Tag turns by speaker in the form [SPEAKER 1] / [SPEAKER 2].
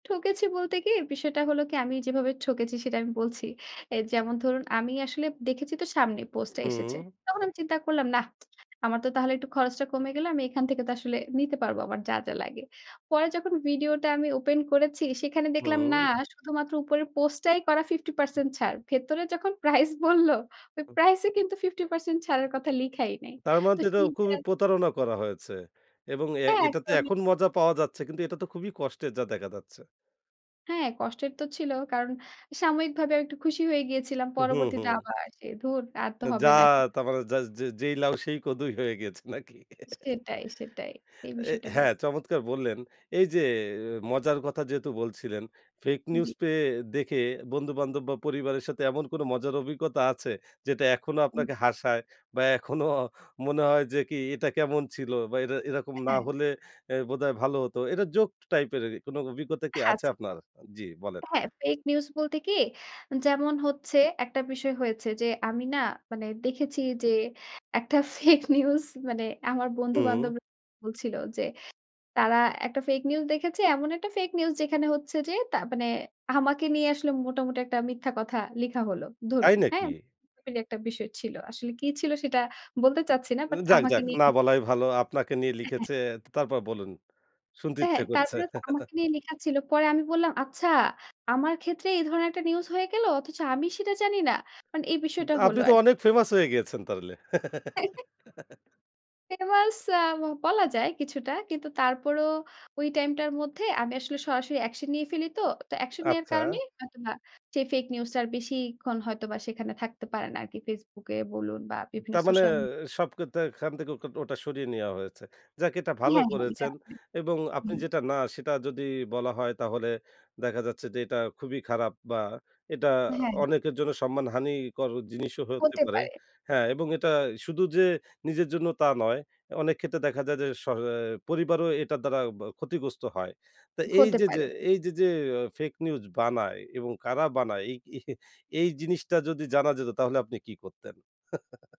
[SPEAKER 1] ঠকেছি বলতে কি, বিষয়টা হলো কি আমি যেভাবে ঠকেছি সেটা আমি বলছি। এ যেমন ধরুন আমি আসলে দেখেছি তো সামনে পোস্টটা এসেছে।
[SPEAKER 2] হুম।
[SPEAKER 1] তখন চিন্তা করলাম নাহ। আমার তো তাহলে একটু খরচটা কমে গেল আমি এখান থেকে তো আসলে নিতে পারব আমার যা, যা লাগে। পরে যখন ভিডিওটা আমি ওপেন করেছি সেখানে দেখলাম না
[SPEAKER 2] হুম।
[SPEAKER 1] শুধুমাত্র উপরের পোস্টটাই করা 50% ছাড়। ভেতরে যখন প্রাইস বলল, ওই
[SPEAKER 2] হু।
[SPEAKER 1] প্রাইস এ কিন্তু 50% ছাড়ের কথা লিখাই নাই।
[SPEAKER 2] তার মানে
[SPEAKER 1] তো
[SPEAKER 2] তো এটা
[SPEAKER 1] সেই যে
[SPEAKER 2] খুবই প্রতারণা করা হয়েছে এবং এ
[SPEAKER 1] হ্যাঁ,
[SPEAKER 2] এটাতে
[SPEAKER 1] একদমই।
[SPEAKER 2] এখন মজা পাওয়া যাচ্ছে। কিন্তু এটা তো খুবই কষ্টে যা দেখা যাচ্ছে।
[SPEAKER 1] হ্যাঁ, কষ্টের তো ছিল কারণ সাময়িকভাবে আমি একটু খুশি হয়ে গিয়েছিলাম।
[SPEAKER 2] হু, হু,
[SPEAKER 1] পরবর্তীতে
[SPEAKER 2] হু।
[SPEAKER 1] আবার সে ধুর আর তো
[SPEAKER 2] যা
[SPEAKER 1] হবে না। [unintelligible]
[SPEAKER 2] তার মানে যা যে যেই লাউ সেই কদুই হয়ে গিয়েছে নাকি?
[SPEAKER 1] সেটাই, সেটাই এই
[SPEAKER 2] এ
[SPEAKER 1] বিষয়টা হয়েছে।
[SPEAKER 2] হ্যাঁ, চমৎকার বললেন এইযে মজার কথা যেহেতু বলছিলেন। ফেক নিউজ
[SPEAKER 1] জী।
[SPEAKER 2] পেয়ে দেখে বন্ধু-বান্ধব বা পরিবারের সাথে এমন কোনো মজার অভিজ্ঞতা আছে? যেটা এখনো
[SPEAKER 1] হুম।
[SPEAKER 2] আপনাকে হাসায় বা এখনো মনে হয় যে কি এটা কেমন ছিল বা এর এরকম না
[SPEAKER 1] হ্যাঁ।
[SPEAKER 2] হলে এ বোধহয় ভালো হতো। এটা জোক টাইপ এর কোনো অভিজ্ঞতা কি আছে
[SPEAKER 1] আচ্ছা।
[SPEAKER 2] আপনার? জি বলেন।
[SPEAKER 1] হ্যাঁ ফেক নিউজ বলতে কি, যেমন হচ্ছে একটা বিষয় হয়েছে যে আমি না মানে দেখেছি যে, একটা ফেক নিউজ মানে আমার
[SPEAKER 2] হু।
[SPEAKER 1] বন্ধু-বান্ধবরা বলছিল যে, তারা একটা ফেক নিউজ দেখেছে। এমন একটা ফেক নিউজ যেখানে হচ্ছে যে, তা মানে আমাকে নিয়ে আসলে মোটামুটি একটা মিথ্যা কথা লিখা হল। ধরুন,
[SPEAKER 2] তাই
[SPEAKER 1] হ্যাঁ?
[SPEAKER 2] নাকি?
[SPEAKER 1] এরকম একটা বিষয় ছিল। আসলে কি ছিল সেটা বলতে চাচ্ছি না।
[SPEAKER 2] উ
[SPEAKER 1] বাট
[SPEAKER 2] যাক,
[SPEAKER 1] আমাকে
[SPEAKER 2] যাক
[SPEAKER 1] নিয়ে
[SPEAKER 2] না বলাই
[SPEAKER 1] লিখেছে।
[SPEAKER 2] ভালো। আপনাকে নিয়ে
[SPEAKER 1] এ
[SPEAKER 2] লিখেছে।
[SPEAKER 1] হ্যা।
[SPEAKER 2] তা তারপর বলুন। শুনতে
[SPEAKER 1] হ্যাঁ,
[SPEAKER 2] ইচ্ছে করছে।
[SPEAKER 1] তারপরে তো আমাকে নিয়ে লেখা ছিল। পরে আমি বললাম, "আচ্ছা, আমার ক্ষেত্রে এই ধরনের একটা নিউজ হয়ে গেল অথচ আমি সেটা জানি না?" মানে এই
[SPEAKER 2] উ
[SPEAKER 1] বিষয়টা হল
[SPEAKER 2] আপনি তো
[SPEAKER 1] আরকি।
[SPEAKER 2] অনেক ফেমাস হয়ে গেছেন তাহলে।
[SPEAKER 1] ফেমাস আ বলা যায় কিছুটা। কিন্তু তারপরও ওই টাইম টার মধ্যে আমি আসলে সরাসরি অ্যাকশন নিয়ে ফেলি তো। তো, অ্যাকশন নেওয়ার
[SPEAKER 2] আচ্ছা।
[SPEAKER 1] কারণেই হয়তোবা সেই ফেক নিউজটা আর বেশিক্ষণ হয়তোবা সেখানে থাকতে পারে না আরকি। Facebook এ বলুন বা
[SPEAKER 2] উ
[SPEAKER 1] বিভিন্ন
[SPEAKER 2] তার মানে
[SPEAKER 1] সোশ্যাল মি
[SPEAKER 2] সব কিন্তু এখান থেকে ও ওটা সরিয়ে নেওয়া হয়েছে। যাক এটা ভালো
[SPEAKER 1] হ্যাঁ, হ্যাঁ এটা
[SPEAKER 2] করেছেন
[SPEAKER 1] [unintelligible]
[SPEAKER 2] এবং আপনি
[SPEAKER 1] হুম।
[SPEAKER 2] যেটা না সেটা যদি বলা হয় তাহলে দেখা যাচ্ছে যে এটা খুবই খারাপ বা এটা
[SPEAKER 1] হ্যাঁ।
[SPEAKER 2] অনেকের জন্য সম্মানহানিকর জিনিসও হতে
[SPEAKER 1] হতে
[SPEAKER 2] পারে।
[SPEAKER 1] পারে।
[SPEAKER 2] হ্যাঁ, এবং এটা
[SPEAKER 1] হয় তো।
[SPEAKER 2] শুধু যে নিজের জন্য তা নয়। অনেক ক্ষেত্রে দেখা যায় যে, স অ্যা পরিবারও এটার দ্বারা বা ক্ষতিগ্রস্ত হয়। তো
[SPEAKER 1] হতে
[SPEAKER 2] এইযে যে
[SPEAKER 1] পারে, হু।
[SPEAKER 2] এইযে যে ফেক নিউজ বানায় এবং কারা বানায় এই এই জিনিসটা যদি জানা যেত তাহলে আপনি কি করতেন?